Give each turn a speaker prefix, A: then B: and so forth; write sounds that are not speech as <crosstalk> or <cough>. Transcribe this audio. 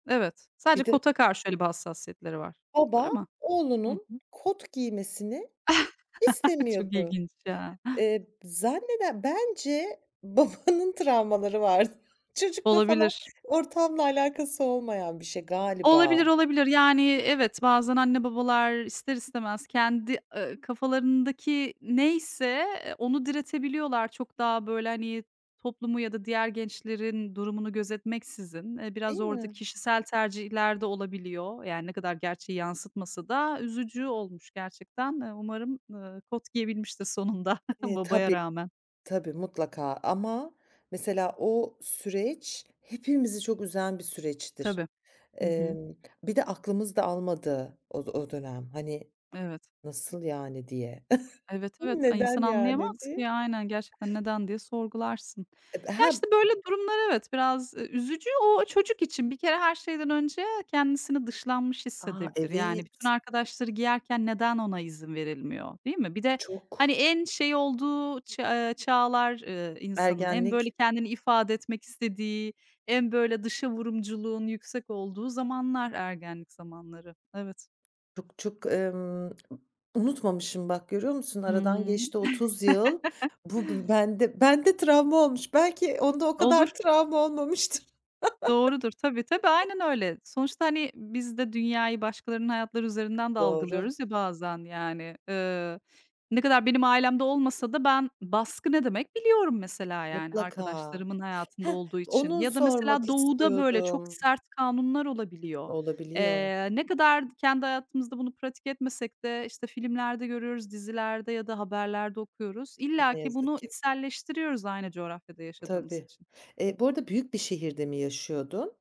A: Evet. Sadece
B: Bir de
A: kota karşı, öyle, bir hassasiyetleri var. Öyle
B: Baba
A: mi? Hı
B: oğlunun
A: hı.
B: kot giymesini
A: <chuckles> Çok
B: istemiyordu.
A: ilginç ya.
B: Eee, zannede bence babanın travmaları vardı. Çocukla falan
A: Olabilir.
B: ortamla alakası olmayan bir şey galiba.
A: Olabilir, olabilir. Yani, evet, bazen anne babalar ister istemez kendi, ııı, kafalarındaki neyse, eee, onu diretebiliyorlar çok daha, böyle, hani, toplumu ya da diğer gençlerin durumunu gözetmeksizin. Eee,
B: Değil
A: biraz orada
B: mi?
A: kişisel tercihler de olabiliyor. Yani, ne kadar gerçeği yansıtmasa da üzücü olmuş gerçekten. Iıı, umarım, ııı, kot giyebilmiştir sonunda <chuckles>
B: E,
A: babaya
B: tabii,
A: rağmen.
B: tabii mutlaka ama mesela o süreç hepimizi çok üzen bir süreçtir.
A: Tabii. Hı hı.
B: Emm, bir de aklımız da almadığı o d o dönem. Hani,
A: Evet.
B: "Nasıl yani?" diye. <chuckles>
A: Evet, evet. Ay, insan
B: "Neden yani?"
A: anlayamaz
B: diye.
A: ki. Aynen, gerçekten "Neden?" diye sorgularsın.
B: Eee, b
A: Ya,
B: he
A: işte, böyle, durumlar evet, biraz üzücü. O çocuk için bir kere her şeyden önce kendisini dışlanmış
B: A!
A: hissedebilir. Yani, bütün
B: Evet.
A: arkadaşları giyerken neden ona izin verilmiyor, değil mi? Bir de, hani,
B: Çok.
A: en şey olduğu ç eee, çağlar, eee, insanın, en, böyle,
B: Ergenlik.
A: kendini ifade etmek istediği, en, böyle, dışavurumculuğun yüksek olduğu zamanlar ergenlik zamanları. Evet.
B: Çok çok, emm, <smacks lips> unutmamışım bak görüyor musun? Aradan
A: Hıı.
B: geçti 30 yıl.
A: <chuckles>
B: Bu b bende bende travma olmuş. Belki onda o
A: Olur.
B: kadar travma olmamıştır.
A: Doğrudur. Tabii tabii,
B: <chuckles>
A: aynen öyle. Sonuçta, hani, biz de dünyayı başkalarının hayatları üzerinden de
B: Doğru.
A: algılıyoruz ya bazen yani. Iıı, ne kadar benim ailemde olmasa da ben baskı ne demek biliyorum mesela, yani,
B: Mutlaka.
A: arkadaşlarımın hayatında
B: Hah,
A: olduğu için
B: onu
A: ya da
B: sormak
A: mesela Doğu'da, böyle, çok
B: istiyordum.
A: sert kanunlar olabiliyor.
B: Olabiliyor.
A: Eee, ne kadar kendi hayatımızda bunu pratik etmesek de, işte, filmlerde görüyoruz, dizilerde ya da haberlerde okuyoruz. İlla
B: Ne
A: ki
B: yazık
A: bunu
B: ki.
A: içselleştiriyoruz aynı coğrafyada yaşadığımız
B: Tabii.
A: için.
B: Eee, bu arada büyük bir şehirde mi yaşıyordun?